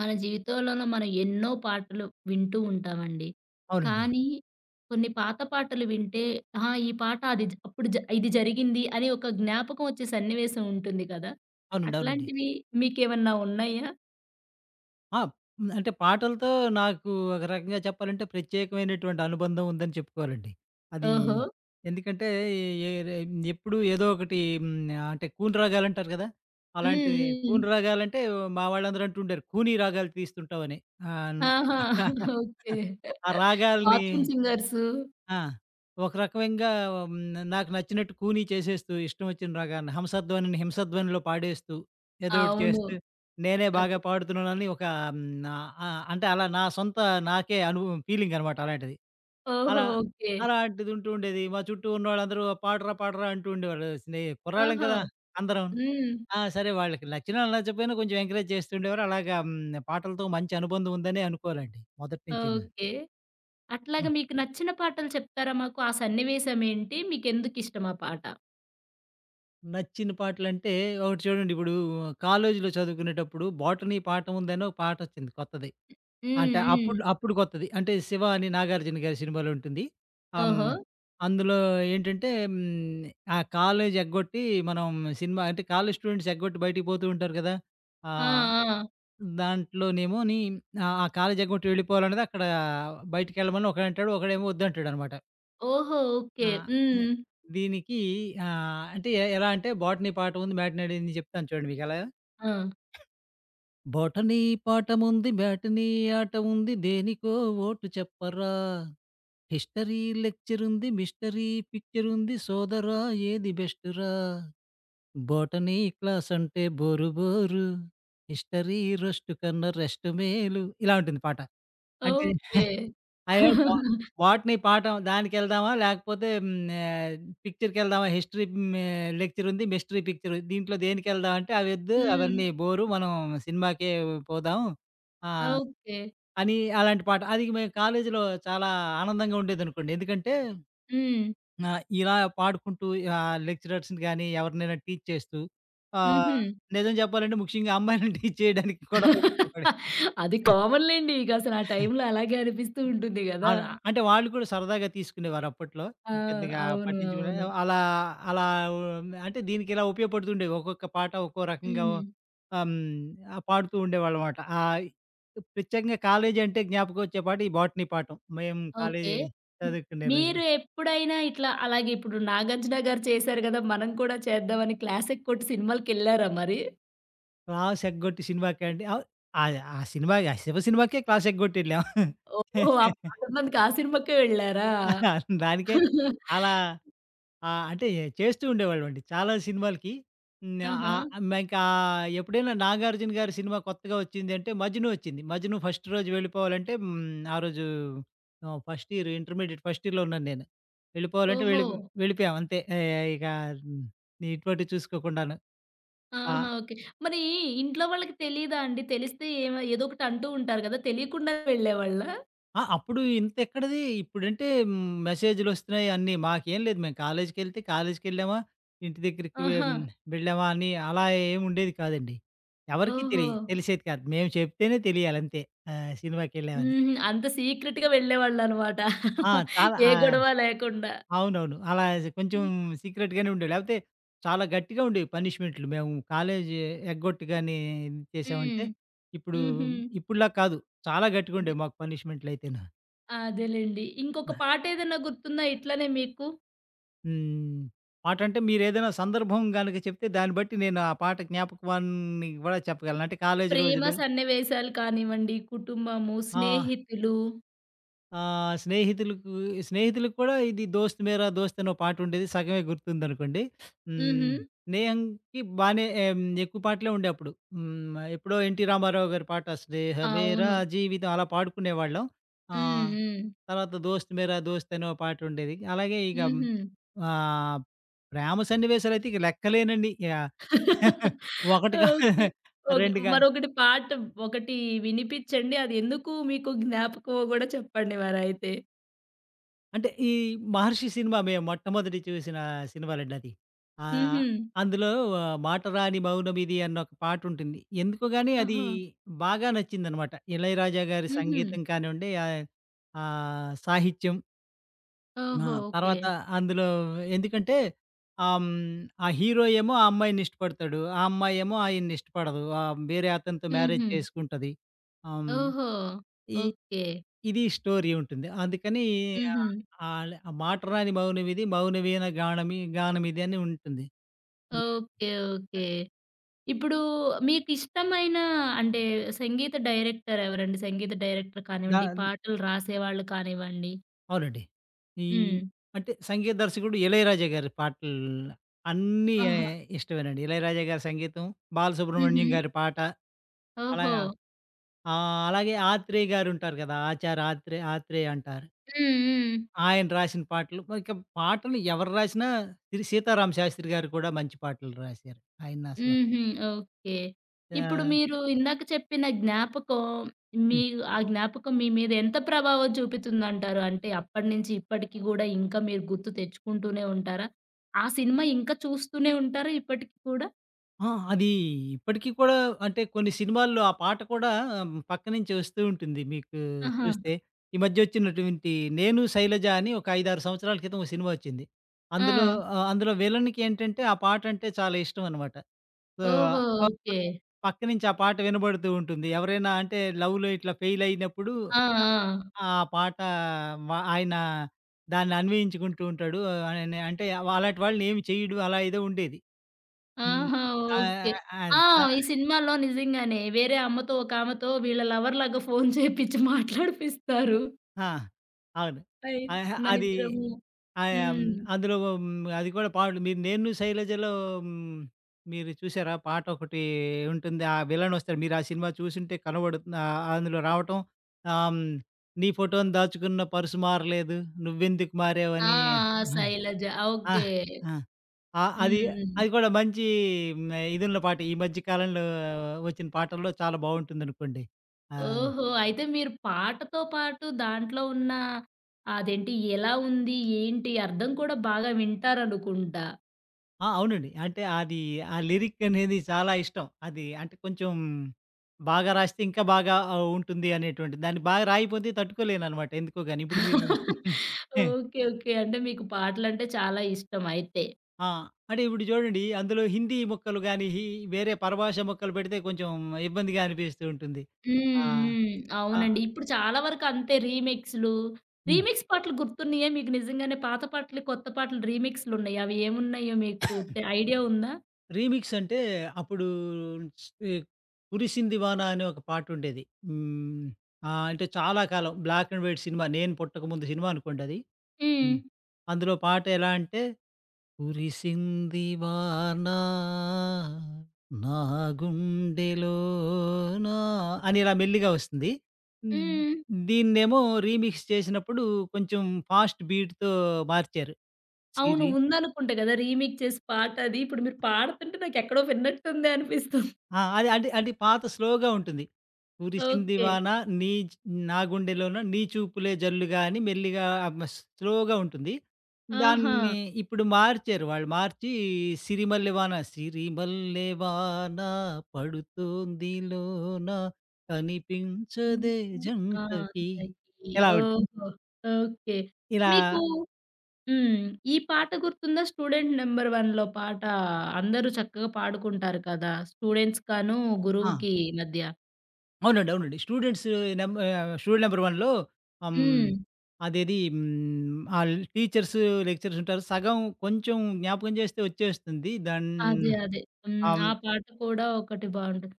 మన జీవితంలోన మనం ఎన్నో పాటలు వింటూ ఉంటామండి. అవునండి. కానీ కొన్ని పాత పాటలు వింటే ఆహ్, ఈ పాట అది జ అప్పుడు జ ఇది జరిగింది. అని ఒక జ్ఞాపకమొచ్చే సన్నివేశం ఉంటుంది గదా! అవునండి. అవునండి. అట్లాంటివి మీకేమన్నా ఉన్నాయా? ఆ! అంటే పాటలతో నాకు ఒక రకంగా చెప్పాలంటే ప్రత్యేకమైనటువంటి అనుబంధం ఉందని చెప్పుకోవాలండి. అది. ఓహో! ఎందుకంటే ఎ ఏరే ఎప్పుడు ఏదోకటి హ్మ్. ఆహ్ అంటే కూను రాగాలంటారు కదా! హ్మ్. అలాంటిది హ్మ్. కూను రాగాలంటే మా వాళ్ళందరూ అంటూ ఉండారు. కూనీ రాగాలు తీస్తుంటావని. ఆ అన్న ఆహా! ఓకే. ఆ రాగాల్ని బాత్రూమ్ సింగర్సు. ఆ! ఒక రకమంగా హ్మ్, నాకు నచ్చినట్టు కూనీ చేసేస్తూ. ఇష్టం వచ్చిన రాగాని హంసధ్వనిని హింసధ్వనిలో పాడేస్తూ. ఏదోకటి అవును. చేస్తే. నేనే అదే. బాగా పాడుతున్నానని ఒక హ్మ్ ఆహ్, అంటే అలా నా సొంత నాకే అనుభవం ఫీలింగనమాట అలాంటిది. ఓహో! అలా ఓకే. అలాంటిది ఉంటూ ఉండేది. మా చుట్టూ ఉన్నోళ్ళందరూ 'ఆ పాడరా పాడరా' అంటూ ఉండేవాళ్ళు. స్నేయి కుర్రాళ్ళం ఆహా! కదా! అందరం. హ్మ్. ఆ! సరే వాళ్ళకి నచ్చినా నచ్చకపోయినా కొంచెం ఎంకరేజ్ చేస్తూండేవారు. అలాగా హ్మ్. పాటలతో మంచి అనుబంధం ఉందనే అనుకోవాలండి, మొదటినుంచైనా. ఓకే. అట్లాగ ఆ! మీకు నచ్చిన పాటలు చెప్తారా మాకు? ఆ సన్నివేశమేంటి? మీకెందుకు ఇష్టమా పాట? నచ్చిన పాటలంటే ఒకటి చూడండి ఇప్పుడు, కాలేజీలో చదువుకునేటప్పుడు 'బోటనీ పాఠం ఉందని' ఒక పాటొచ్చింది కొత్తది. హ్మ్. అంటే అప్పుడులో హ్మ్. అప్పుడు కొత్తది. అంటే 'శివ' అని నాగార్జున గారి సినిమాలో ఉంటుంది. హ్మ్. ఓహో! అందులో ఏంటంటే, హ్మ్. ఆ కాలేజీ ఎగ్గొట్టి మనం సినిమా అంటే కాలేజీ స్టూడెంట్స్ ఎగ్గొట్టి బయటికి పోతూ ఉంటారు గదా! ఆ! ఆ! ఆ! దాంట్లోనేమోని ఆ! ఆ కాలేజీ ఎగ్గొట్టి వెళ్ళిపోవాలనేది అక్కడా బయటికెళ్ళమని ఒకడంటాడు. ఒకడేమో ఒద్దంటాడనమాట. ఓహో! ఓకే. ఆ! ఎ హ్మ్. దీనికి ఆహ్, అంటే ఎ ఎలా అంటే బోటనీ పాఠం ఉంది, మ్యాటినీ ఆడింది జెప్తాను చూడండి మీకెలా ఆ! బోటనీ పాఠముంది, మ్యాటనీ ఆట ఉంది, దేనికో ఓటు చెప్పరా? హిస్టరీ లెక్చరుంది, మిస్టరీ పిక్చరుంది, సోదరా, ఏది బెస్టురా? బోటనీ క్లాసంటే బోరు బోరు. హిస్టరీ రోష్టు కన్నా రెష్టు మేలు ఇలా ఉంటుంది పాట. అంటే, ఓకే. అయ్యో బా బొటనీ పాఠం దానికెళ్దామా? లేకపోతే హ్మ్. నా పిక్చర్‌కెళ్దామా? హిస్టరీ మే లెక్చరుంది, మిస్టరీ పిక్చరు, దీంట్లో దేనికెళ్దామంటే అవి వద్దు హ్మ్. అవన్నీ బోరు మనం సినిమాకే పోదాం. ఆహ్, ఓకే. అని అలాంటి పాట. అది మేము కాలేజీలో చాలా ఆనందంగా ఉండేదనుకోండి. ఎందుకంటే హ్మ్. ఆహ్, ఇలా పాడుకుంటూ ఆహ్, లెక్చరర్స్‌ని గాని ఎవరినైనా టీజ్ చేస్తూ, ఆ! హుహు. నిజం జెప్పాలంటే ముఖ్యంగా అమ్మాయిలని టీజ్ చేయడానికి కూడా ఉపయోగపడింది. అది కామన్‌ లేండి. ఇకసలు ఆ టైంలో అలాగే అనిపిస్తూ ఉంటుంది గదా! అలా. అంటే, వాళ్ళు కూడా సరదాగా తీసుకునేవారు అప్పట్లో. ఆ! పెద్దగా అవును. పట్టించుకునే అవును. అలా అలా ఉండి అంటే దీనికి ఇలా ఉపయోగపడుతూండేవి. ఒక్కొక్క పాట ఒక్కో రకంగా హ్మ్. ఆహ్, హ్మ్. ఆ! పాడుతూ ఉండేవాళ్ళమాట. ఆహ్, ఈ ప్రత్యేకంగా కాలేజీ అంటే జ్ఞాపకం వచ్చే పాట ఈ బోటనీ పాఠం, మేము ఓకే. కాలేజీ హ్మ్. చదువుకునే మీరు రోజులో. ఎప్పుడైనా ఇట్లా, అలాగే ఇప్పుడు నాగార్జున గారు చేశారు గదా! మనం కూడా చేద్దామని క్లాసెక్కొట్టి సినిమాలకెళ్లారా మరి? క్లాసెగ్గొట్టి సినిమాకే అండి. అవ అది ఆ సినిమాకి ఆ 'శివ' సినిమాకే క్లాసెగ్గొట్టి యేళ్ళాం. ఓహో! ఆ పాటునందుకు ఆ! సినిమాకే వెళ్ళారా? దానికే అలా ఆ! అంటే చేస్తూ ఉండేవాళ్లమండి. చాలా సినిమాలకి హ్, ఆహా! ఆహ్, ఇంకా ఎప్పుడైనా నాగార్జున గారి సినిమా కొత్తగా వచ్చిందంటే, 'మజ్ను' వచ్చింది. 'మజ్ను' ఫస్ట్ రోజు వెళ్లిపోవాలంటే హ్మ్. ఆ రోజు ఆహ్, ఫస్ట్ ఇయర్, ఇంటర్మీడియేట్ ఫస్ట్ ఇయర్‌లో ఉన్నాను నేను. వెళ్లిపోవాలంటే వెళ్లి ఓహో! వెళ్లిపోయాం అంతే. ఆహ్, ఇక హ్మ్. నీట్‌ఆటు చూసుకోకుండాను. ఆ! ఆహా! ఓకే. మరి ఇంట్లో వాళ్ళకి తెలీదా అండి? తెలిస్తే ఏమ ఏదోకటి అంటూ ఉంటారు కదా! తెలియకుండా వెళ్ళేవాళ్ళా? ఆ! అప్పుడు ఇంత ఎక్కడది ఇప్పుడంటే హ్, మెసేజ్‌లోస్తున్నాయి, అన్నీ. మాకేం లేదు మేము కాలేజికెళ్తే కాలేజికెళ్ళామా? ఇంటి దగ్గరికి వె ఆహా! వెళ్ళావా అని అలా ఏమి ఉండేది కాదండి. ఎవరికీ తెలియ ఓహో! తెలిసేది కాదు. మేము చెప్తేనే తెలియాలింతే. ఆహ్, సినిమాకెళ్ళామని. హ్మ్. అంత సీక్రెట్‌గా వెళ్లేవాళ్లన్నమాట. ఆ! చాలా ఏ ఆ! గొడవ లేకుండా. అవునవును. అలా కొంచెం హ్మ్. సీక్రెట్ గానే ఉండేవి. లేకపోతే చాలా గట్టిగా ఉండేవి పనిష్‌మెంట్లు. మేము కాలేజి ఎగ్గొట్టుగానీ, ఇది చేశామంటే. హ్మ్. ఇప్పుడు హుహు. ఇప్పుడులా కాదు. చాలా గట్టిగా అదే. ఉండేవి మాకు పనిష్‌మెంట్లయితేనా. అదేలెండి. ఇంకొక [unintelligible] పాటేదన్న గుర్తుందా ఇట్లనే మీకు? హ్మ్. పాటంటే మీరేదైనా సందర్భం గనుక చెప్తే దాన్ని బట్టి నేను ఆ పాట జ్ఞాపకాన్ని కూడా చెప్పగలను. అంటే కాలేజీ ప్రేమ రోజులు. సన్నివేశాలు కానివ్వండి, కుటుంబము, ఆ! స్నేహితులు. ఆ! స్నేహితులకు, స్నేహితులకు కూడా ఇది 'దోస్త్ మేర, దోస్త్' అనో పాటుండేది సగమే గుర్తుందనుకోండి. హ్మ్. హుహు. స్నేహంకి బానే ఆహ్, హ్మ్. ఎక్కువ పాటలే ఉండేప్పుడు. హ్మ్ ఎప్పుడో ఎన్టీ రామారావు గారి పాట. 'స్నేహమేర అవును. జీవితం' అలా పాడుకునేవాళ్ళం. ఆ! హ్మ్. హ్మ్. తర్వాత 'దోస్త్ మర దోస్త్' అనో పాటుండేది. అలాగే ఇక హ్మ్. హుహు. ఆహ్, ప్రేమ సన్నివేశాలు అయితే ఇక లెక్కలేనన్నీ. ఆ! 1 కాదు, ఓకే. ఓకె. 2 కాదు. మరొకటి పాట ఒకటి వినిపించండి. అది ఎందుకు మీకు జ్ఞాపకమో కూడా చెప్పండి మరైతే? అంటే ఈ 'మహర్షి' సినిమా మేము మొట్టమొదటి చూసిన సినిమాలండి అది. ఆహ్, హుహు. అందులో వ 'మాటరాని మౌనమిది' అన్న ఒక పాటుంటుంది. ఎందుకో గానీ అది ఆహా! బాగా నచ్చిందనమాట. ఇళయరాజ గారి హుహు. సంగీతం కానివ్వండి, ఆహ్, ఆ సాహిత్యం. ఆ! ఓహో! ఓకే. తర్వాత అందులో ఎందుకంటే ఆహ్, హ్మ్. ఆ హీరో ఏమో ఆ అమ్మాయినిష్టపడతాడు. ఆ అమ్మాయేమో ఆయన్నిష్టపడదు. ఆహ్, వేరే అతనితో మ్యారేజ్ హుహు. చేసుకుంటది. ఆహ్, హ్మ్. ఓహో! ఈ ఓకే. ఇది స్టోరీ ఉంటుంది. అందుకనీ ఆహ్, హుహు. అల ఆ 'మాటరాని మౌనమిది మౌనవీణ గానమి గానమిదని' ఉంటుంది. హ్మ్. ఓకే, ఓకే, అద్ ఇప్పుడు మీకిష్టమైన అంటే సంగీత డైరెక్టరెవరండి? సంగీత డైరెక్టర్ కానివ్వండి, దాన్ పాటలు రాసేవాళ్ళు కానివ్వండి? అవునండి. ఈ హ్మ్. అంటే సంగీత దర్శకుడు 'ఇళయరాజ' గారి పాటలు. అన్నీ ఆహా! ఇష్టమేనండి. 'ఇళయరాజ' గారి సంగీతం 'బాలసుబ్రహ్మణ్యం' హుహు. గారి పాట. అలాగా ఓహో! ఆ! అలాగే 'ఆత్రేయ' గారుంటారు కదా! ఆచార ఆత్రే 'ఆత్రేయ' అంటారు. హ్మ్. హ్మ్. ఆయన రాసిన పాటలు, ఇక పాటలు ఎవరు రాసినా 'శ్రీ సీతారామశాస్త్రి' గారు కూడా మంచి పాటలు రాశారు. ఆయనసల హుహు. ఓకే. ఇప్పుడు ఆ! మీరు ఇందాక చెప్పిన జ్ఞాపకం, మీ హ్మ్. ఆ జ్ఞాపకం మీ మీద ఎంత ప్రభావం చూపితుందంటారు? అంటే, అప్పటి నుంచి ఇప్పటికి కూడా ఇంకా మీరు గుర్తు తెచ్చుకుంటూనే ఉంటారా? ఆ సినిమా ఇంకా చూస్తూనే ఉంటారా! ఇప్పటికి కూడా? ఆ! అది ఇప్పటికి కూడా అంటే, కొన్ని సినిమాల్లో ఆ పాట కూడా పక్క నుంచి ఒస్తూ ఉంటుంది. మీకు ఆహా! చూస్తే ఈ మద్యోచ్చినటువంటి 'నేను శైలజ' అని ఒక 5, 6 సంవత్సరాల క్రితం ఓ సినిమా ఒచ్చింది. అందులో, ఆ! ఆహ్, అందులో విలనికేంటంటే ఆ పాటంటే చాలా ఇష్టమన్నమాట. సో [unintelligible] ఆ! ఓహో! ఆ ఓకే. పక్క నుంచి ఆ పాట వినబడుతూ ఉంటుంది. ఎవరైనా అంటే లవ్‌లో ఇట్లా ఫెయిలయినప్పుడు. ఆ! ఆ! అ ఆ పాట మ ఆయన దాన్ని అన్వయించుకుంటూ ఉంటాడు. అని అంటే వ అలాంటి వాళ్ళని ఏమి చేయడు అలా ఏదో ఉండేది. హ్మ్. ఆహా! ఆ ఓకే. ఆన్ ఆ! ఆ! ఈ సినిమాలో నిజంగానే వేరే అమ్మతో ఒకామెతో వీళ్ళ లవర్‌లాగా ఫోను చేపిచ్చి మాట్లాడిపిస్తారు. ఆ! అవును. అయ్ ఆహా! అది. మనిద్దరము ఆ యం హ్మ్. అందులో హ్మ్, అది కూడా పాడు మీరు 'నేన్ను శైలజలో' హ్మ్, మీరు చూసారా? పాటొకటి ఉంటుంది. ఆ విలనొస్తాడు. మీరు ఆ సినిమా చూసుంటే కనబడు ఆ అందులో రావటం. ఆహ్, హ్మ్, 'నీ ఫోటోని దాచుకున్న పర్సు మారలేదు. నువ్వెందుకు ఆ! మారావని'. శైలజ. ఆ! ఓకే. ఆ! ఆ! అది హ్మ్. హ్మ్. అది కూడా మంచి ఇదున్నలో పాట. ఈ మధ్య కాలంలో ఒచ్చిన పాటల్లో చాలా బావుంటుందనుకోండి. ఆ! హ్మ్ ఓహో! అయితే మీరు పాటతో పాటు దాంట్లో ఉన్న, అదేంటి ఎలా ఉంది, ఏంటి, అర్థం కూడా బాగా వింటారనుకుంటా? ఆ! అవునండి. అంటే అదీ ఆ లిరిక్ అనేది చాలా ఇష్టం. అది అంటే కొంచెం, బాగా రాస్తే ఇంకా బాగా ఔ ఉంటుంది అనేటువంటిది. దాన్ని బాగా రాయిపోతే తట్టుకోలేననమాట ఎందుకోగాని, ఇప్పుడు మీరు హే ఓకే, ఓకే. అంటే మీకు పాటలంటే చాలా ఇష్టం అయితే. ఆ! అంటే ఇప్పుడు చూడండి అందులో హిందీ ముక్కలు గాని, హీ వేరే పరభాష ముక్కలు పెడితే కొంచెం, ఇబ్బందిగా అనిపిస్తూ ఉంటుంది. హ్మ్, ఆ! హ్మ్. అహ్ అవునండి. ఇప్పుడు చాలా వరకు అంతే రీమిక్సులు హ్మ్. రీమిక్స్ పాటలు గుర్తున్నాయా మీకు నిజంగానే, పాత పాటలు, కొత్త పాటలు రీమిక్సులు ఉన్నాయ్యి. అవి ఏమున్నాయో, మీకు తె ఐడియా ఉందా? రీమిక్స్ అంటే అప్పుడూ 'కురిసిoది వానా' అనే, ఒక పాట ఉండేది. హ్మ్. ఆహ్, అంటే చాలా కాలం, బ్లాక్ అండ్ వైట్ సినిమా, నేను పుట్టకముందు సినిమా అనుకోండది. హ్మ్. హ్మ్. అందులో పాట ఎలా అంటే, కురిసింది వానా, నాగుండెలోనా అని ఇలా మెల్లిగా వస్తుంది. హ్మ్. దీన్నేమో రీమిక్స్ చేసినప్పుడు, కొంచెం ఫాస్ట్ బీడ్‌తో మార్చారు. అవును. సిరి ఉందనుకుంట కదా! రీమేక్ చేసి పాట అది. ఇప్పుడు మీరు పాడుతుంటే, నాకెక్కడో విన్నట్టుందే అనిపిస్తు ఆ! అది అడి పాత స్లోగా ఉంటుంది. కురిసింది ఓకే. వానా, నీచ్ నాగుండెలోన నీ చూపులే జల్లుగాని మెల్లిగా అమస్ స్లోగా ఉంటుంది. ఆహా! దాన్ని ఇప్పుడు మార్చారు. వాళ్ళు మార్చి, సిరిమల్లె వాన సిరిమల్లె వానా పడుతోంది లోన హ్మ్. కనిపించదే హ్మ్. ఆ! జంటకి. తకిీ. ఇలా ఉంటే ఓహో! ఓకే. ఇలా మీకు హ్మ్. ఈ పాట గుర్తుందా? 'స్టూడెంట్ నంబర్-1'లో పాట. అందరూ చక్కగా పాడుకుంటారు కదా! స్టూడెంట్స్‌కను, ఆ! గురువుకి మధ్య. అవునండి. అవునండి. స్టూడెంట్స్ నం ఆహ్, 'స్టూడెంట్ నెంబర్-1' లో హ్మ్. హ్మ్. అదేది హ్మ్, ఆళ్ళ టీచర్స్, లెక్చరర్స్ ఉంటారు. సగం కొంచెం జ్ఞాపకం చేస్తే వచ్చేస్తుంది. దాన్ అదే. అదే. హ్మ్. ఆ అవును. పాట కూడా ఒకటి బాగుంటది.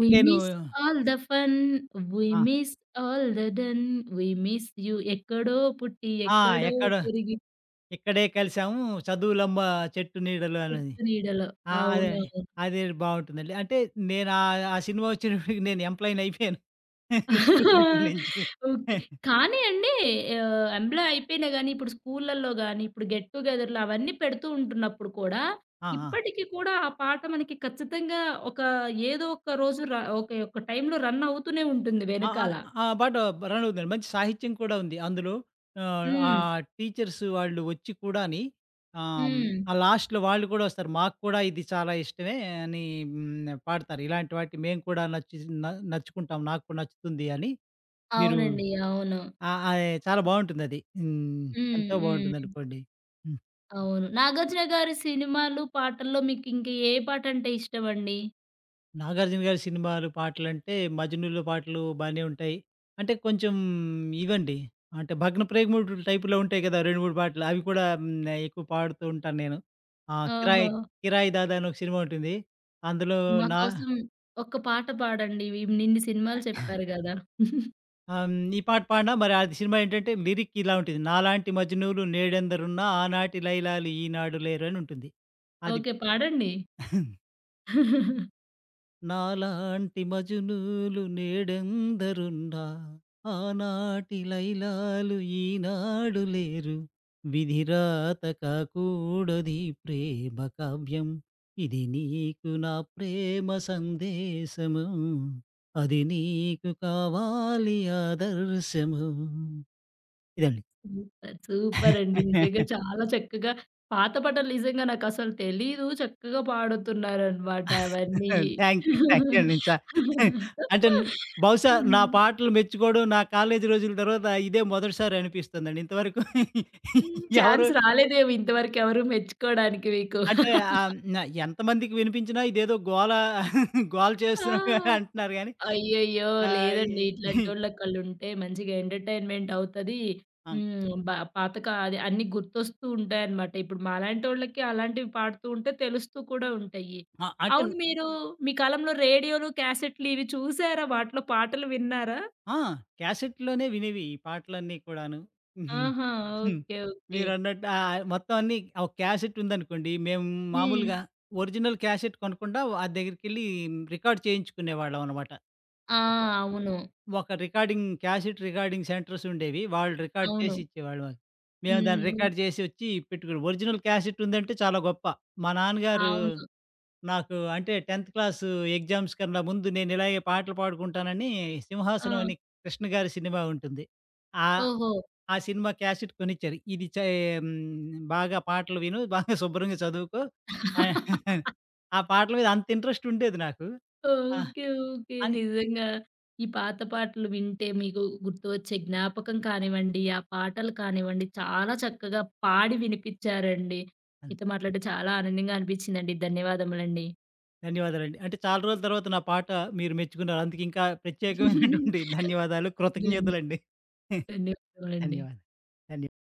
వి నేను miss all the fun. We ఆ! Miss all the done. We miss you. ఎక్కడో పుట్టి ఆ! ఎక్కడో 'ఎక్కడో పెరిగి ఇక్కడే కలిసాము చదువులమ్మ చెట్టు నీడలో' అనేది. 'చెట్టు నీడలో' ఆ! అదే అండి. అవునవును. అదే బావుంటుందండి. అంటే నేనా ఆ సినిమా వచ్చినప్పటికి నేను ఎంప్లాయినైపోయాను స్టూడెంట్ నుంచి. ఓకే. కానీ అండి ఆహ్, ఎంప్లాయ్ అయిపోయినా గానీ ఇప్పుడు స్కూళ్ళళ్ళో గాని, ఇప్పుడు గెట్ టు గెదర్లు అవన్నీ పెడుతూ ఉంటున్నప్పుడు కూడా ఆ! ఆ! ఇప్పటికి కూడా, ఆ పాట మనకి ఖచ్చితంగా ఒక ఏదో ఒక్క రోజు ర ఒకే ఒక టైంలో రన్ అవుతూనే ఉంటుంది ఆ! ఆ! వెనకాల. ఆహ్, పాట బ రన్నవుతుందండి. మంచి సాహిత్యం కూడా ఉంది అందులో. ఆహ్, హ్మ్. ఆహ్, టీచర్స్ వాళ్ళు వచ్చి కూడాని. ఆహ్, హ్మ్. ఆ లాస్ట్‌లో వాళ్ళు కూడా వస్తారు. మాకు కూడా ఇది చాలా ఇష్టమే అని హ్మ్. పాడతారు. ఇలాంటి వాటికి మేము కూడా నచ్చి స్ న నచ్చుకుంటాం. నాకు కూడా నచ్చుతుంది అని. మీరు అవునండి. అవును. ఆహ్, ఆహ్, చాలా బావుంటుందది. హ్మ్. హ్మ్. ఎంతో హ్మ్. బావుంటుందనుకోండి. హ్మ్. అవును, నాగార్జున గారి సినిమాలు, పాటల్లో మీకింక ఏ పాటంటే ఇష్టమండి? నాగార్జున గారి సినిమాలు, పాటలంటే మజునూలో పాటలు బానే ఉంటాయి. అంటే, కొంచెం ఇవండి. అంటే, భగ్న ప్రేగ మూడు టైప్‌లో ఉంటాయి కదా! 2, 3 పాటలు. అవి కూడా హ్మ్ ఆహ్, ఎక్కువ పాడుతూ ఉంటాను నేను. ఆ! కిరాయి ఓహో! కిరాయ్ దాద అని ఒక సినిమా ఉంటుంది. అందులో నా మాకోసం ఒక పాట పాడండి, ఇవినిన్ని సినిమాలు చెప్పారు గదా! ఆహ్, హ్మ్, ఈ పాట పాడిన మరి ఆది సినిమా ఏంటంటే, లిరికిలా ఉంటది. 'నాలాంటి మజునూలు నేడందరున్నా ఆనాటి లయలాలు ఈనాడు లేరు' అని ఉంటుంది. అది. ఓకే, పాడండి. నాలాంటి మజునూలు నేడందరున్న, ఆనాటిలైలాాలు ఈనాడు లేరు. విధిరాత కాకుడది ప్రేమ కావ్యం. ఇది నీకు నా ప్రేమ సందేశము. అదినీకు కావాలియాదరుశము. ఇదండి. సుపర్, సూపరండి నిజంగా చాలా చక్కగా పాత పటలు నిజంగా నాకసలు తెలీదు. చక్కగా పాడుతున్నారనమాట అవన్నీ. థ్యాంక్యూ థ్యాంక్యూ అండి చా అంటే న్ బహుశా నా హ్మ్. పాటలు మెచ్చుకోవడం, నా కాలేజీ రోజుల తర్వాత ఇదే మొదటిసారి అనిపిస్తుందండి. ఇంతవరకు. హ్మ్. ఎవరు ఛాన్స్ రాలేదేమొ ఇంతవరకెవరు మెచ్చుకోవడానికి మీకు. అంటే ఆహ్, న ఎంతమందికి వినిపించినా ఇదేదో గోల గోల ఆ! చేస్తున్నట్టుగానే అంటున్నారు గానీ, అయ్యయ్యో! ఆహ్, ఈ లేదండి. ఇట్లాంటోళ్ళొకళ్ళుంటే మంచిగా ఎంటర్టైన్మెంటవుతది. ఆ! హ్మ్. బా పాతక అది అన్నీ గుర్తొస్తూ ఉంటాయనమాట. ఇప్పుడు మాలాంటోళ్ళకి అలాంటివి పాడుతూ ఉంటే తెలుస్తూ కూడా ఉంటాయి. ఆ! అంటే అవును, మీరు మీ కాలంలో రేడియోలు, క్యాసెట్లు ఇవి చూసారా? వాటిలో పాటలు విన్నారా? ఆ! క్యాసెట్లోనే వినేవి ఈ పాటలన్నీ కూడాను. ఆహా! Okay, okay. మీరన్నట్టు ఆహ్, మొత్తం అన్నీ ఒక క్యాసెటుందనుకోండి. మేము మామూలుగా హ్మ్. ఒరిజినల్ క్యాసెట్ కొనకుండా, ఆ దగ్గరికెళ్ళి రికార్డ్ చేయించుకునేవాళ్ళం అనమాట. ఆ! [unintelligible] ఒక అవును. ఒక రికార్డింగ్ క్యాసిట్ రికార్డింగ్ సెంటర్సుండేవి. వాళ్ళు రికార్డ్ చేసి అవును. ఇచ్చేవాళ్ళువ మేము దాన్ని హ్మ్. ఒ రికార్డ్ చేసొచ్చి పెట్టుకోని, ఒరిజిననల్ క్యాసెటుందంటే చాలా గొప్ప. మా నాన్నగారు అవును. నాకు అంటే, 10థ్ క్లాసు ఎగ్జామ్స్ కన్నా ముందు నేను ఇలాగే పాటలు పాడుకుంటానని 'సింహాసనం' ఆ! అని కృష్ణ గారి సినిమా ఉంటుంది. ఆహ్, ఓహో! ఆ సినిమా క్యాసెట్ కొనిచ్చారు. ఇది చె హ్మ్, బాగా పాటలు విను, బాగా శుభ్రంగా చదువుకో. ఆహ్, ఆ పాటల మీద అంత ఇంట్రెస్టుండేది నాకు. ఆ! Okay, okay. అని నిజంగా. ఈ పాత పాటలు వింటే మీకు గుర్తువచ్చే జ్ఞాపకం కానివ్వండి, ఆ పాటలు కానివ్వండి చాలా చక్కగా పాడి వినిపించారండి. హ్మ్. మీతో మాట్లాడడం చాలా ఆనందంగా అనిపించిందండి. ధన్యవాదములండి. ధన్యవాదాలండి. అంటే చాలా రోజుల తర్వాత నా పాట మీరు మెచ్చుకున్నారు. అందుకు ఇంకా ప్రత్యేకమైనటువంటి ధన్యవాదాలు, ధన్ కృతజ్ఞతులండి. ధన్యవాదములండి. ధన్యవాదాలు. దాన్య